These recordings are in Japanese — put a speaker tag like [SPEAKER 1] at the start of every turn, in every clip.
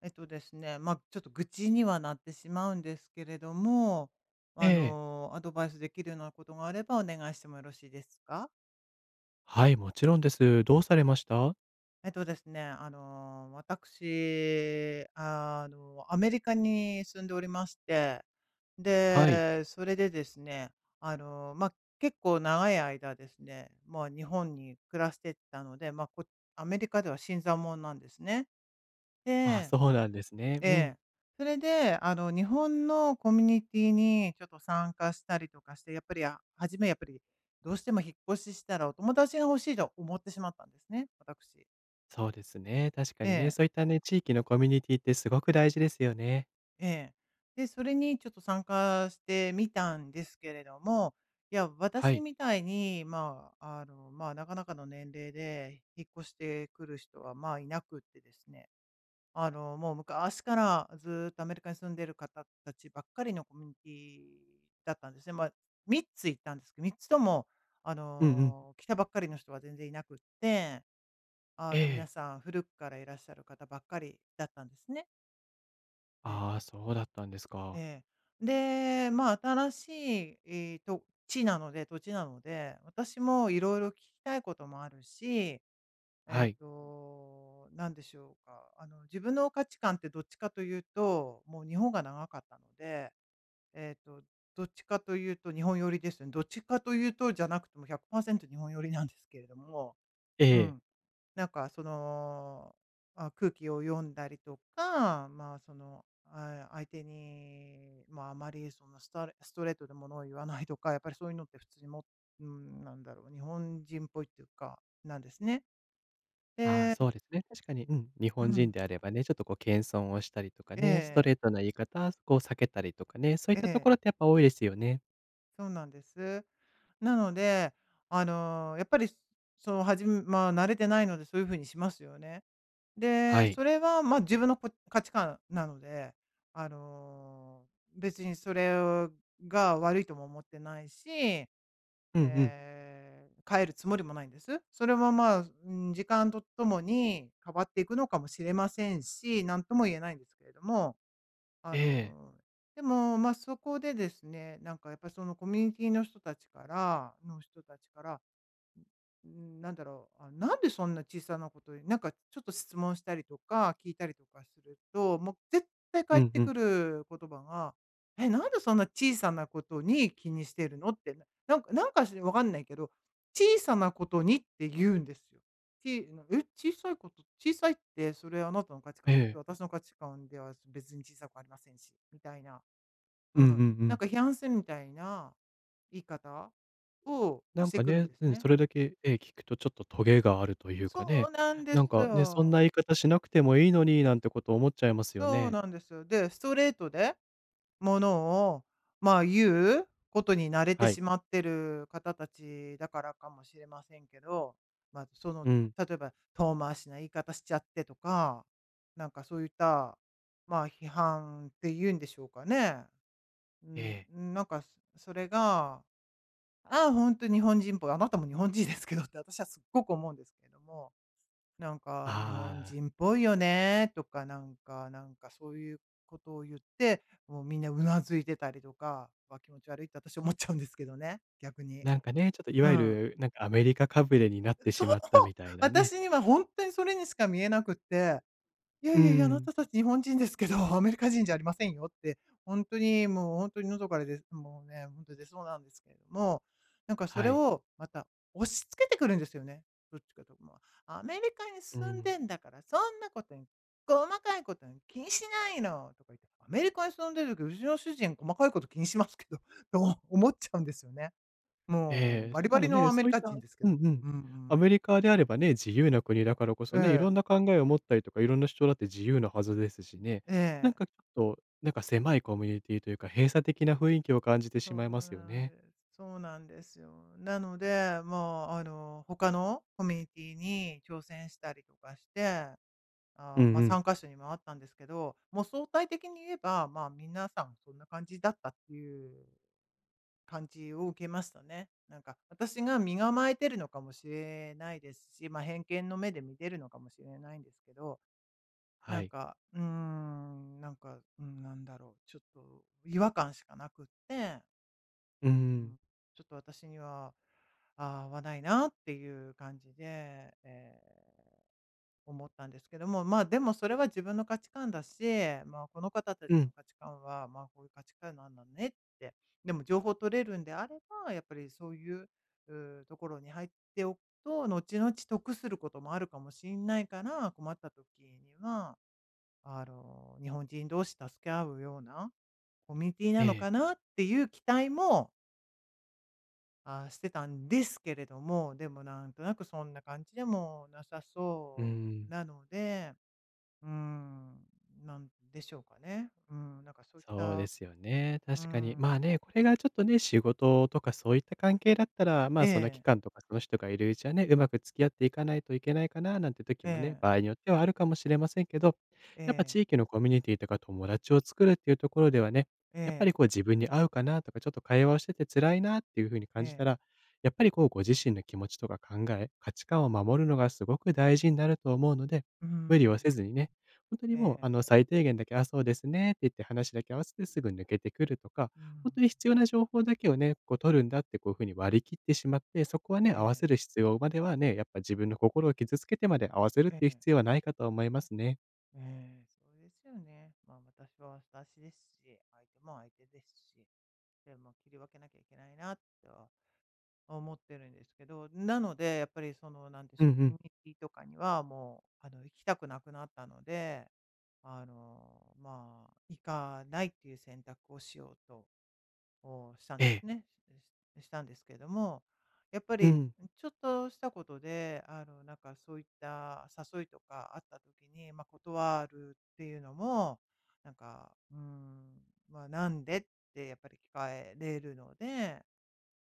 [SPEAKER 1] えとですね、ま、ちょっと愚痴にはなってしまうんですけれども、
[SPEAKER 2] え
[SPEAKER 1] あ
[SPEAKER 2] え。
[SPEAKER 1] の、アドバイスできるようなことがあれば、お願いしてもよろしいですか？
[SPEAKER 2] はい、もちろんです。どうされました？
[SPEAKER 1] えとですね、あの、わたくしあの、アメリカに住んでおりまして、
[SPEAKER 2] はい。
[SPEAKER 1] で、それでですね、あの、ま、結構長い間ですね、まあ、日本に暮らしてたので、ま、こアメリカでは新参もんなんですね。
[SPEAKER 2] あ、
[SPEAKER 1] で
[SPEAKER 2] そうなんですね。
[SPEAKER 1] え
[SPEAKER 2] う
[SPEAKER 1] え。
[SPEAKER 2] ん。
[SPEAKER 1] それであの日本のコミュニティにちょっと参加したりとかして、やっぱりあ初めやっぱり、どうしても引っ越ししたらお友達が欲しいと思ってしまったんですね、わたくし。
[SPEAKER 2] そうですね、確か
[SPEAKER 1] え
[SPEAKER 2] にね、
[SPEAKER 1] え。
[SPEAKER 2] そういったね、地域のコミュニティってすごく大事ですよね。
[SPEAKER 1] ええ。でそれにちょっと参加してみたんですけれども、いや
[SPEAKER 2] は
[SPEAKER 1] 私
[SPEAKER 2] い。
[SPEAKER 1] みたいにまあ、あのまあ、なかなかの年齢で、引っ越してくる人はまあ、いなくってですね。あの、もう昔から、ずっとアメリカに住んでる方達ばっかりのコミュニティだったんですね。まあ、3つ行ったんですけど、3つともあ
[SPEAKER 2] うんうん。
[SPEAKER 1] の、来たばっかりの人は全然いなくって。あ
[SPEAKER 2] え
[SPEAKER 1] の、皆
[SPEAKER 2] え。
[SPEAKER 1] さん、古くからいらっしゃる方ばっかりだったんですね。ええ。
[SPEAKER 2] ああ、そうだったんですか。
[SPEAKER 1] ええ。で、まあ、新しい、い、土地なので土地なので、私も色々聞きたい事もあるし、
[SPEAKER 2] は
[SPEAKER 1] えっ
[SPEAKER 2] い。
[SPEAKER 1] と、何でしょうか、あの、自分の価値観ってどっちかと言うと、もう日本が長かったので、えっと、どっちかと言うと日本寄りですよね。どっちかと言うとじゃなくて、もう、100%日本寄りなんですけれども。
[SPEAKER 2] え
[SPEAKER 1] う
[SPEAKER 2] え。
[SPEAKER 1] ん。なんかその、ああ、空気を読んだりとか、まあ、その、ああ、相手にまあ、あまりその、スタレストレートでものを言わないとか、やっぱりそう言うのって普通にもうーん、何だろう、日本人っぽいって言うか、なんですね。
[SPEAKER 2] ああ、
[SPEAKER 1] で
[SPEAKER 2] そうですね、確かに、うん、日
[SPEAKER 1] う
[SPEAKER 2] 本
[SPEAKER 1] ん。
[SPEAKER 2] 人であればね、ちょっとこう、謙遜をしたりとか
[SPEAKER 1] え
[SPEAKER 2] ね、スト
[SPEAKER 1] え。
[SPEAKER 2] レートな言い方、こう、避けたりとかね、そういっ
[SPEAKER 1] え
[SPEAKER 2] たと
[SPEAKER 1] え。
[SPEAKER 2] ころって、やっぱ多いですよね。
[SPEAKER 1] そうなんです。なので、あの、やっぱり、その、はじまあ、慣れてないので、そう言う風にしますよね。
[SPEAKER 2] は
[SPEAKER 1] で、
[SPEAKER 2] い。
[SPEAKER 1] それは、まあ、自分のこ、価値観なので、あの、別にそれが悪いとも思ってないし、え
[SPEAKER 2] うんうん。
[SPEAKER 1] え、変えるつもりもないんです。それは、まあ、うーん、時間とともに変わっていくのかもしれませんし、なんとも言えないんですけれども。あ
[SPEAKER 2] ええ。
[SPEAKER 1] の、でも、まあ、そこでですね、なんかやっぱ、そのコミュニティの人達からの人達から、ん、うーん、何だろう、ああ、なんでそんな小さな事になんかちょっと質問したりとか、聞いたりとかすると、もう絶対
[SPEAKER 2] う
[SPEAKER 1] 返っ
[SPEAKER 2] ん
[SPEAKER 1] て
[SPEAKER 2] うん。
[SPEAKER 1] くる言葉が、「え、なんでそんな小さな事に気にしてるの」って。なんかなんかし分かんないけど、「小さな事に」って言うんですよ。ちあの、え、小さい事、小さいって、それあなたの価値
[SPEAKER 2] え
[SPEAKER 1] 観。え、
[SPEAKER 2] え。
[SPEAKER 1] 私の価値観では別に小さくありませんし、みたいな。う
[SPEAKER 2] う
[SPEAKER 1] ん。
[SPEAKER 2] んうんう
[SPEAKER 1] なん
[SPEAKER 2] ん。
[SPEAKER 1] か批判するみたいな言い方を
[SPEAKER 2] な
[SPEAKER 1] し
[SPEAKER 2] ん
[SPEAKER 1] て
[SPEAKER 2] か
[SPEAKER 1] くるん
[SPEAKER 2] ね、
[SPEAKER 1] です
[SPEAKER 2] うん、
[SPEAKER 1] ね。
[SPEAKER 2] それだけ、ええ、聞くと、ちょっとトゲがあると言うか
[SPEAKER 1] そう
[SPEAKER 2] ね。
[SPEAKER 1] なんで
[SPEAKER 2] なん
[SPEAKER 1] す
[SPEAKER 2] か、ね、そんな
[SPEAKER 1] よ。
[SPEAKER 2] 言い方しなくても良いのに、なんて事思っちゃいますよ
[SPEAKER 1] そう
[SPEAKER 2] ね。
[SPEAKER 1] なんですよ。で、ストレートで、ものをまあ、言う事に慣れて
[SPEAKER 2] はい。
[SPEAKER 1] しまってる方達だからかもしれませんけど、まあ、その、
[SPEAKER 2] うん。
[SPEAKER 1] 例えば、「遠回しな言い方しちゃって」とか、なんかそう言った、まあ、批判って言うんでしょうかね。う
[SPEAKER 2] え
[SPEAKER 1] ん、
[SPEAKER 2] え。
[SPEAKER 1] うーん、なんかそれが、「ああ、ほんと日本人っぽい」「あなたも日本人ですけど」って、私はすっごく思うんですけども。「なんか日本
[SPEAKER 2] ああ。
[SPEAKER 1] 人っぽいよね」とか、なんかなんか、そう言う事を言って、もう皆頷いてたりとか、「わ、気持ち悪い」って、私思っちゃうんですけどね、逆に。
[SPEAKER 2] なんかね、ちょっとい
[SPEAKER 1] う
[SPEAKER 2] わゆ
[SPEAKER 1] ん。
[SPEAKER 2] る、なんか、アメリカかぶれになってし
[SPEAKER 1] そう、
[SPEAKER 2] まったみたいなね。
[SPEAKER 1] 私にはほんとにそれにしか見えなくって。「いや
[SPEAKER 2] うー
[SPEAKER 1] いやいや、あな
[SPEAKER 2] ん。
[SPEAKER 1] た達日本人ですけど、アメリカ人じゃありませんよ」って。ほんとに、もうほんとに喉からでもうね、ほんと出そうなんですけれども、なんかそ
[SPEAKER 2] は
[SPEAKER 1] れ
[SPEAKER 2] い。
[SPEAKER 1] を、また押し付けてくるんですよね。どっちかと言うと、まあ。「アメリカに
[SPEAKER 2] うー
[SPEAKER 1] 住ん
[SPEAKER 2] ん。
[SPEAKER 1] でんだから、そんな事に、細かい事に気にしないの」とか言って。「アメリカに住んでる時、うちの主人細かい事気にしますけど」と思っちゃうんですよね。もう
[SPEAKER 2] ええ、
[SPEAKER 1] バ
[SPEAKER 2] し
[SPEAKER 1] リ
[SPEAKER 2] か
[SPEAKER 1] バ
[SPEAKER 2] も
[SPEAKER 1] リの
[SPEAKER 2] ね、
[SPEAKER 1] ア
[SPEAKER 2] そ
[SPEAKER 1] メリ
[SPEAKER 2] う言っ
[SPEAKER 1] カ人
[SPEAKER 2] た
[SPEAKER 1] ですけ
[SPEAKER 2] うん
[SPEAKER 1] ど。
[SPEAKER 2] うん、
[SPEAKER 1] うんう
[SPEAKER 2] ア
[SPEAKER 1] ん。
[SPEAKER 2] メリカであればね、自由な国だからこ
[SPEAKER 1] え
[SPEAKER 2] そね、
[SPEAKER 1] え。
[SPEAKER 2] 色んな考えを持ったりとか、色んな主張だって自由なはずですしね。
[SPEAKER 1] え
[SPEAKER 2] なん
[SPEAKER 1] え。
[SPEAKER 2] かちょっと、なんか狭いコミュニティと言うか、閉鎖的な雰囲気を感じてし
[SPEAKER 1] そ
[SPEAKER 2] ま
[SPEAKER 1] う
[SPEAKER 2] いますよ
[SPEAKER 1] なん
[SPEAKER 2] ね。
[SPEAKER 1] です。そうなんですよ。なので、まあ、あの、他のコミュニティに挑戦したりとかして、あ
[SPEAKER 2] うん
[SPEAKER 1] あ、まあ、
[SPEAKER 2] う
[SPEAKER 1] さ
[SPEAKER 2] ん。
[SPEAKER 1] んかしょに回ったんですけど、もう相対的に言えば、まあ、皆さん、そんな感じだったって言う感じを受けましたね。なんか私が身構えてるのかもしれないですし、まあ、偏見の目で見てるのかもしれないんですけど。
[SPEAKER 2] は
[SPEAKER 1] なん
[SPEAKER 2] い。
[SPEAKER 1] か、うーん、なんか、うーん、何だろう、ちょっと違和感しかなくって。
[SPEAKER 2] うんう
[SPEAKER 1] う
[SPEAKER 2] ん。
[SPEAKER 1] ん。ちょっと私には、ああ、合わないなっていう感じで。ええ。思ったんですけども。まあ、でもそれは自分の価値観だし、まあ、この方達
[SPEAKER 2] うん。
[SPEAKER 1] の価値観は、まあ、こういう価値観なんだねって。でも情報取れるんであれば、やっぱり、そういう、うう、ところに入っておくと、後々得することもあるかもしんないから、困った時には、あの、日本人同士助け合うような、コミュニティな
[SPEAKER 2] え
[SPEAKER 1] の
[SPEAKER 2] え。
[SPEAKER 1] かなっていう期待もああ、してたんですけれども、でもなんとなく、そんな感じでも無さ
[SPEAKER 2] うー
[SPEAKER 1] そう
[SPEAKER 2] ん。
[SPEAKER 1] なので。うーん。なんでしょうかね。うーん、なんかそういっ
[SPEAKER 2] そうで
[SPEAKER 1] た。
[SPEAKER 2] すよね、
[SPEAKER 1] うー
[SPEAKER 2] 確かに。
[SPEAKER 1] ん。
[SPEAKER 2] まあね、これがちょっとね、仕事とか、そういった関係だったら、ま
[SPEAKER 1] え
[SPEAKER 2] あ、その
[SPEAKER 1] え。
[SPEAKER 2] 期間とかその人がいるうちはね、上手く付き合っていかないといけないかななんて時
[SPEAKER 1] え
[SPEAKER 2] もね、
[SPEAKER 1] え。
[SPEAKER 2] 場合によってはあるかもしれませんけど、
[SPEAKER 1] え
[SPEAKER 2] やっぱ
[SPEAKER 1] え。
[SPEAKER 2] 地域のコミュニティとか友達を作るっていうところではね、
[SPEAKER 1] え
[SPEAKER 2] やっぱり
[SPEAKER 1] え。
[SPEAKER 2] こう自分に合うかなとか、ちょっと会話をしてて辛いなっていう風に
[SPEAKER 1] え
[SPEAKER 2] 感じた
[SPEAKER 1] え。
[SPEAKER 2] ら、やっぱりこう、ご自身の気持ちとか考え、価値観を守るのが、すごく大事んなると思うので、
[SPEAKER 1] うー
[SPEAKER 2] 無理
[SPEAKER 1] ん。
[SPEAKER 2] をせずにね、ほんとにも
[SPEAKER 1] え
[SPEAKER 2] う、あ
[SPEAKER 1] え。
[SPEAKER 2] の、最低限だけ、「ああ、そうですね」って言って話だけ合わせて、すぐに抜けてくるとか、
[SPEAKER 1] うー
[SPEAKER 2] ほんと
[SPEAKER 1] ん。
[SPEAKER 2] に必要な情報だけをね、こう、取るんだってこういう風に割り切ってしまって、そこは
[SPEAKER 1] え
[SPEAKER 2] ね、合わ
[SPEAKER 1] え。
[SPEAKER 2] せる必要まではね、やっぱ自分の心を傷つけてまで合わせるっ
[SPEAKER 1] え
[SPEAKER 2] ていう
[SPEAKER 1] え。
[SPEAKER 2] 必要はないかと思いますね。
[SPEAKER 1] ええ、そうですよね。ま、私は私ですし、相手も相手ですし。でも切り分けなきゃいけないな、と思ってるんですけど、なので、やっぱり、その、なんでし
[SPEAKER 2] うん
[SPEAKER 1] ょ
[SPEAKER 2] う
[SPEAKER 1] う、コミ
[SPEAKER 2] ん。
[SPEAKER 1] ュニティとかには、もう、あの、行きたくなくなったので、あの、まあ、行かないっていう選択をしようと、お、したん
[SPEAKER 2] え
[SPEAKER 1] で
[SPEAKER 2] え。
[SPEAKER 1] すね、ししたんですけども、やっぱ
[SPEAKER 2] う
[SPEAKER 1] り、
[SPEAKER 2] ん。
[SPEAKER 1] ん、ちょっとしたことで、あの、なんか、そういった誘いとかあった時に、ま、断るっていうのも、なんか、うーん、まあ、なんでってやっぱり聞かれるので、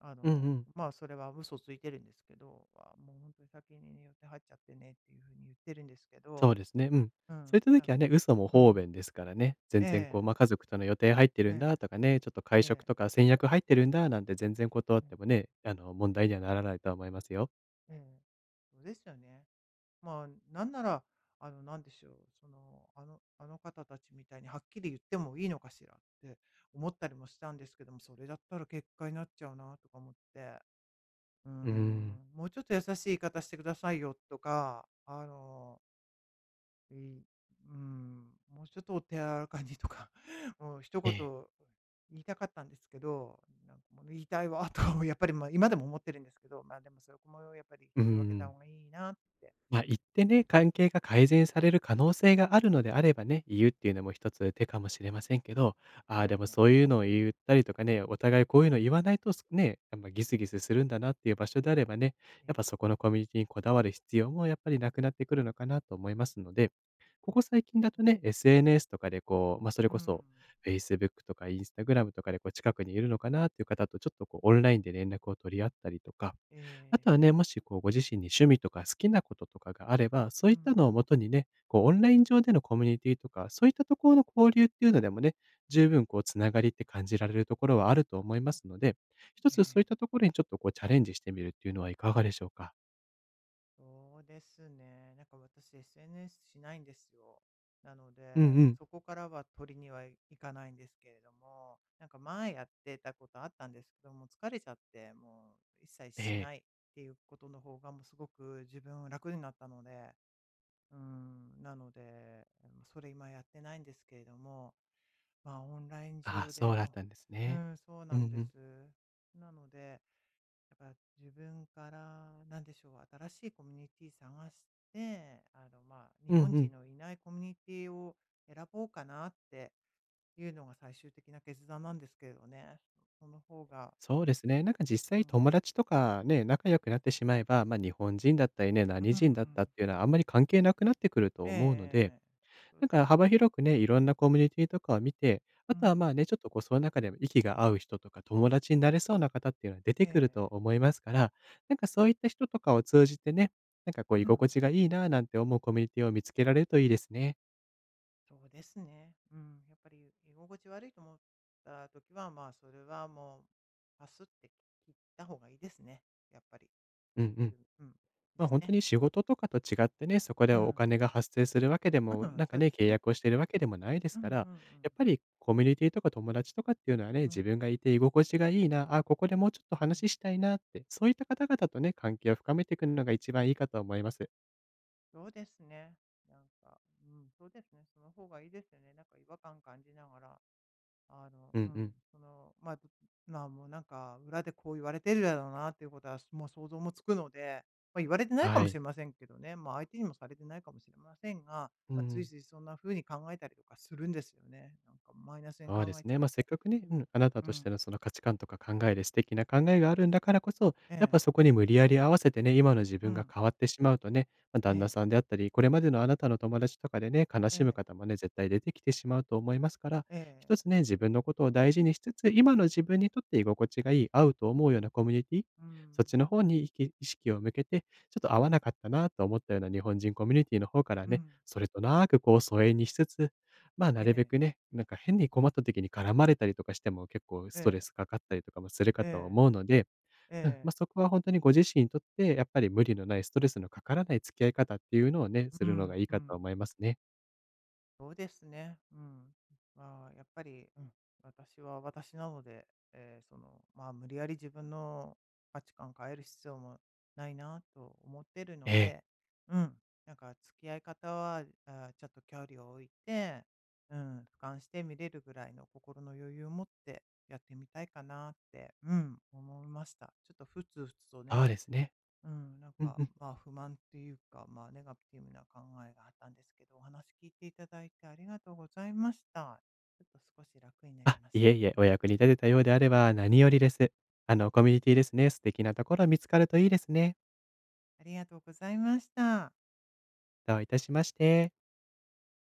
[SPEAKER 1] あ
[SPEAKER 2] うんう
[SPEAKER 1] の、
[SPEAKER 2] ん。
[SPEAKER 1] まあ、それは嘘ついてるんですけど、ああ、もう、ほんとに先に予定入っちゃってねっていう風に言ってるんですけ
[SPEAKER 2] そう
[SPEAKER 1] ど。
[SPEAKER 2] ですね、うん、
[SPEAKER 1] う
[SPEAKER 2] そう
[SPEAKER 1] ん、
[SPEAKER 2] いった時
[SPEAKER 1] だ、
[SPEAKER 2] はね、嘘も
[SPEAKER 1] う
[SPEAKER 2] 方
[SPEAKER 1] ん。
[SPEAKER 2] 便ですからね、全然こ
[SPEAKER 1] え
[SPEAKER 2] う、
[SPEAKER 1] え。
[SPEAKER 2] まあ「家族との予定入ってるんだ」
[SPEAKER 1] え
[SPEAKER 2] とかね、「ちょっと会
[SPEAKER 1] え、
[SPEAKER 2] 食
[SPEAKER 1] ええ。
[SPEAKER 2] とか先約入ってるんだ」なんて全然断っ
[SPEAKER 1] うん。
[SPEAKER 2] てもね、あの、問題にはならないとは思いますよ。
[SPEAKER 1] うん。うですよね。まあ、なんなら、あの、なんでしょう、その「あのあの方たちみたいにはっきり言ってもいいのかしら」って思ったりもしたんですけども、それだったら結果になっちゃうなとか思って。うー
[SPEAKER 2] うん。
[SPEAKER 1] ん。もうちょっと優しい言い方してくださいよとか、あのえい、うーん、もうちょっとお手柔らかにとか、もう一
[SPEAKER 2] え
[SPEAKER 1] 言、
[SPEAKER 2] え。
[SPEAKER 1] 言いたかったんですけど、ん、なんかもう言いたいわ、とやっぱりま、今でも思ってるんですけど、まあでもそこもやっぱり、
[SPEAKER 2] うー
[SPEAKER 1] 切り分けた
[SPEAKER 2] ん。
[SPEAKER 1] 方がいいなって。
[SPEAKER 2] ま、言ってね、関係が改善される可能性があるのであればね、言うって言うのもひとつ手かもしれませんけど、ああ、
[SPEAKER 1] な
[SPEAKER 2] で
[SPEAKER 1] い
[SPEAKER 2] も
[SPEAKER 1] な。
[SPEAKER 2] そう言うのを言うったりとかね、お互いこう言うの言わないと、すね、あ、ま、ギスギスするんだなっていう場所であればね、
[SPEAKER 1] え
[SPEAKER 2] やっぱ
[SPEAKER 1] え。
[SPEAKER 2] そこのコミュニティにこだわる必要もやっぱり無くなってくるのかなと思いますので。ここ最近だ
[SPEAKER 1] う
[SPEAKER 2] と
[SPEAKER 1] ん。
[SPEAKER 2] ね、SNS とかでこう、ま、それ
[SPEAKER 1] うー
[SPEAKER 2] こそ
[SPEAKER 1] ん。
[SPEAKER 2] Facebook とか Instagram とかでこう、近くにいるのかなっていう方と、ちょっとこう、オンラインで連絡を取り合ったりとか。
[SPEAKER 1] え
[SPEAKER 2] 後は
[SPEAKER 1] え。
[SPEAKER 2] ね、もしこう、ご自身に趣味とか好きな事とかがあれば、そう
[SPEAKER 1] う
[SPEAKER 2] い
[SPEAKER 1] ー
[SPEAKER 2] ったのを
[SPEAKER 1] ん。
[SPEAKER 2] もとにね、こう、オンライン上でのコミュニティとか、そう言ったところの交流っていうのでもね、十分こう、繋がりって感じられるところはあると思いますので、ひと
[SPEAKER 1] え
[SPEAKER 2] つそうい
[SPEAKER 1] え。
[SPEAKER 2] ったところに、ちょっとこう、チャレンジしてみるっていうのはいかがでしょうか？
[SPEAKER 1] そうですね。なんか私 SNS しないんですよ。なので、
[SPEAKER 2] うんうん。
[SPEAKER 1] そこからは取りには行かないんですけれども。なんか前やってたことあったんですけど、もう疲れちゃって、もう一切
[SPEAKER 2] え
[SPEAKER 1] し
[SPEAKER 2] え。
[SPEAKER 1] ないっていうことの方が、もうすごく自分は楽になったので。うん、なので、もう、それ今やってないんですけれども、まあ、オンライン
[SPEAKER 2] ああ、
[SPEAKER 1] 上
[SPEAKER 2] そ
[SPEAKER 1] で
[SPEAKER 2] うだっ
[SPEAKER 1] こ
[SPEAKER 2] たんです
[SPEAKER 1] うう
[SPEAKER 2] ね。
[SPEAKER 1] ん、そう
[SPEAKER 2] う
[SPEAKER 1] な
[SPEAKER 2] ん
[SPEAKER 1] ん
[SPEAKER 2] う
[SPEAKER 1] で
[SPEAKER 2] ん。
[SPEAKER 1] す。なので、やっぱ自分からなんでしょう、新しいコミュニティ探して、あのまあ、日
[SPEAKER 2] うん
[SPEAKER 1] 本
[SPEAKER 2] う
[SPEAKER 1] 人
[SPEAKER 2] ん。
[SPEAKER 1] のいないコミュニティを選ぼうかなっていうのが最終的な決断なんですけれどね。その方が
[SPEAKER 2] そうですね、なんか実
[SPEAKER 1] うー
[SPEAKER 2] 際友
[SPEAKER 1] ん。
[SPEAKER 2] 達とかね、仲良くなってしまえば、ま、日本人だったりね、
[SPEAKER 1] う
[SPEAKER 2] 何
[SPEAKER 1] んう
[SPEAKER 2] 人だった
[SPEAKER 1] ん。
[SPEAKER 2] って言うのは、あんまり関係なくなってくる
[SPEAKER 1] え
[SPEAKER 2] と
[SPEAKER 1] ええ
[SPEAKER 2] 思うの
[SPEAKER 1] え
[SPEAKER 2] で。
[SPEAKER 1] ええ。そう
[SPEAKER 2] なん
[SPEAKER 1] で
[SPEAKER 2] か
[SPEAKER 1] すよ
[SPEAKER 2] 幅
[SPEAKER 1] ね。
[SPEAKER 2] 広くね、色んなコミュニティとかを見て、
[SPEAKER 1] う
[SPEAKER 2] 後は
[SPEAKER 1] ん。
[SPEAKER 2] まあね、ちょっとこう、その中でも息が合う人とか、友達になれそうな方って言うのは出
[SPEAKER 1] え
[SPEAKER 2] て
[SPEAKER 1] え
[SPEAKER 2] くる
[SPEAKER 1] え
[SPEAKER 2] と
[SPEAKER 1] え。
[SPEAKER 2] 思いますから、なんかそう言った人とかを通じてね、なんかこう、居
[SPEAKER 1] う
[SPEAKER 2] 心
[SPEAKER 1] ん。
[SPEAKER 2] 地が良いな、なんて思うコミュニティを見つけられると良いですね。
[SPEAKER 1] そうですね、うん、やっぱり居心地悪いと思った時はまあ、それはもう、パスって切った方がいいですね、やっぱり。
[SPEAKER 2] うんう
[SPEAKER 1] う
[SPEAKER 2] ん。
[SPEAKER 1] んうん、
[SPEAKER 2] まあ、
[SPEAKER 1] です
[SPEAKER 2] ほんと
[SPEAKER 1] ね。
[SPEAKER 2] に仕事とかと違ってね、そこで
[SPEAKER 1] う
[SPEAKER 2] お
[SPEAKER 1] ん。
[SPEAKER 2] 金が発生するわけでも、
[SPEAKER 1] うん、
[SPEAKER 2] なん
[SPEAKER 1] そ
[SPEAKER 2] か
[SPEAKER 1] う
[SPEAKER 2] ね、
[SPEAKER 1] です
[SPEAKER 2] 契
[SPEAKER 1] ね。
[SPEAKER 2] 約をしてるわけでもないで
[SPEAKER 1] う
[SPEAKER 2] す
[SPEAKER 1] んう
[SPEAKER 2] から、や
[SPEAKER 1] んうん。
[SPEAKER 2] っぱりコミュニティとか友達とかっていうのはね、
[SPEAKER 1] う
[SPEAKER 2] 自
[SPEAKER 1] ん。
[SPEAKER 2] 分がいて居心地がいいな、あ、ここでもうちょっと
[SPEAKER 1] う
[SPEAKER 2] 話
[SPEAKER 1] ん。
[SPEAKER 2] ししたいなって、そういった方々とね、関係を深めてくのが一番いいかと思います。
[SPEAKER 1] そうですね、なんか、うん、そうですね、その方がいいですよね、なんか違和感感じながら、あの
[SPEAKER 2] う
[SPEAKER 1] う
[SPEAKER 2] んう
[SPEAKER 1] ん、
[SPEAKER 2] ん。
[SPEAKER 1] そのまあ、まあ、もうなんか裏でこう言われてるだろうなっていうことは、すもう想像もつくので、まあ、言われてないか
[SPEAKER 2] は
[SPEAKER 1] もし
[SPEAKER 2] い。
[SPEAKER 1] れませんけどね、まあ、相手にもされてないかもしれませんが、
[SPEAKER 2] う
[SPEAKER 1] まあ、つい
[SPEAKER 2] ん。
[SPEAKER 1] ついそんな風に考えたりとかするんですよね、なんかマイナスに
[SPEAKER 2] そ
[SPEAKER 1] 考
[SPEAKER 2] うで
[SPEAKER 1] え
[SPEAKER 2] す
[SPEAKER 1] ちゃ
[SPEAKER 2] ね、
[SPEAKER 1] っ
[SPEAKER 2] ま、せっ
[SPEAKER 1] て。
[SPEAKER 2] かくね、うん、あなた
[SPEAKER 1] う
[SPEAKER 2] として
[SPEAKER 1] ん。
[SPEAKER 2] のその価値観とか考えで素敵な考えがあるんだからこそ、
[SPEAKER 1] え
[SPEAKER 2] やっ
[SPEAKER 1] え。
[SPEAKER 2] ぱそこに無理やり合わせてね、今の自
[SPEAKER 1] う
[SPEAKER 2] 分が
[SPEAKER 1] ん。
[SPEAKER 2] 変わってしまうとね、ま、
[SPEAKER 1] え
[SPEAKER 2] 旦那
[SPEAKER 1] え。
[SPEAKER 2] さんであったり、これまでのあなたの友達とかでね、悲
[SPEAKER 1] え
[SPEAKER 2] しむ
[SPEAKER 1] え。
[SPEAKER 2] 方もね、絶対出てきてしまうと思いますから、
[SPEAKER 1] え
[SPEAKER 2] ひと
[SPEAKER 1] え。
[SPEAKER 2] つね、自分の事を大事にしつつ、今の自分にとって居心地がいい、合うと思うようなコミュニティ、
[SPEAKER 1] うん。
[SPEAKER 2] そっちの方にいき意識を向けて、ちょっと合わなかったなと思ったような日本人コミュニティの方から
[SPEAKER 1] う
[SPEAKER 2] ね、
[SPEAKER 1] ん。
[SPEAKER 2] それとなくこう疎遠にしつつ、ま、な
[SPEAKER 1] え
[SPEAKER 2] るべ
[SPEAKER 1] え。
[SPEAKER 2] くね、なんか変に困った時に絡まれたりとかしても、結構ストレ
[SPEAKER 1] ええ。
[SPEAKER 2] スかかったりとかもするかと
[SPEAKER 1] え
[SPEAKER 2] 思うので、
[SPEAKER 1] え。
[SPEAKER 2] うん、
[SPEAKER 1] え
[SPEAKER 2] ま、
[SPEAKER 1] え。
[SPEAKER 2] そこはほんとにご自身にとって、やっぱり無理のないストレスのかからない付き合い方っていうのをね、す
[SPEAKER 1] う
[SPEAKER 2] るのが
[SPEAKER 1] ん
[SPEAKER 2] いい
[SPEAKER 1] う
[SPEAKER 2] かと
[SPEAKER 1] ん。
[SPEAKER 2] 思いますね。
[SPEAKER 1] そうですね、うん。まあ、やっぱり、うん、私は私なので、ええその、まあ、無理やり自分の価値観を変える必要もないなと思ってる
[SPEAKER 2] え
[SPEAKER 1] の
[SPEAKER 2] え。
[SPEAKER 1] で、うん、なんか付き合い方は、ああ、ちょっと距離を置いて、うん、俯瞰して見れるぐらいの心の余裕を持って、やってみたいかなって、うん、思いました。ちょっとふつふつとね。
[SPEAKER 2] ああですね。
[SPEAKER 1] うん、なん
[SPEAKER 2] うん
[SPEAKER 1] か
[SPEAKER 2] うん。
[SPEAKER 1] まあ、不満というかまあ、ネガティブな考えがあったんですけど、お話聞いて頂いてありがとうございました。ちょっと少し楽になり
[SPEAKER 2] あ、
[SPEAKER 1] まし
[SPEAKER 2] いえ
[SPEAKER 1] た。
[SPEAKER 2] いえ。お役に立てたようであれば、何よりです。あのコミュニティですね、素敵なところ見つかるといいですね。
[SPEAKER 1] ありがとうございました。
[SPEAKER 2] どういたしまして。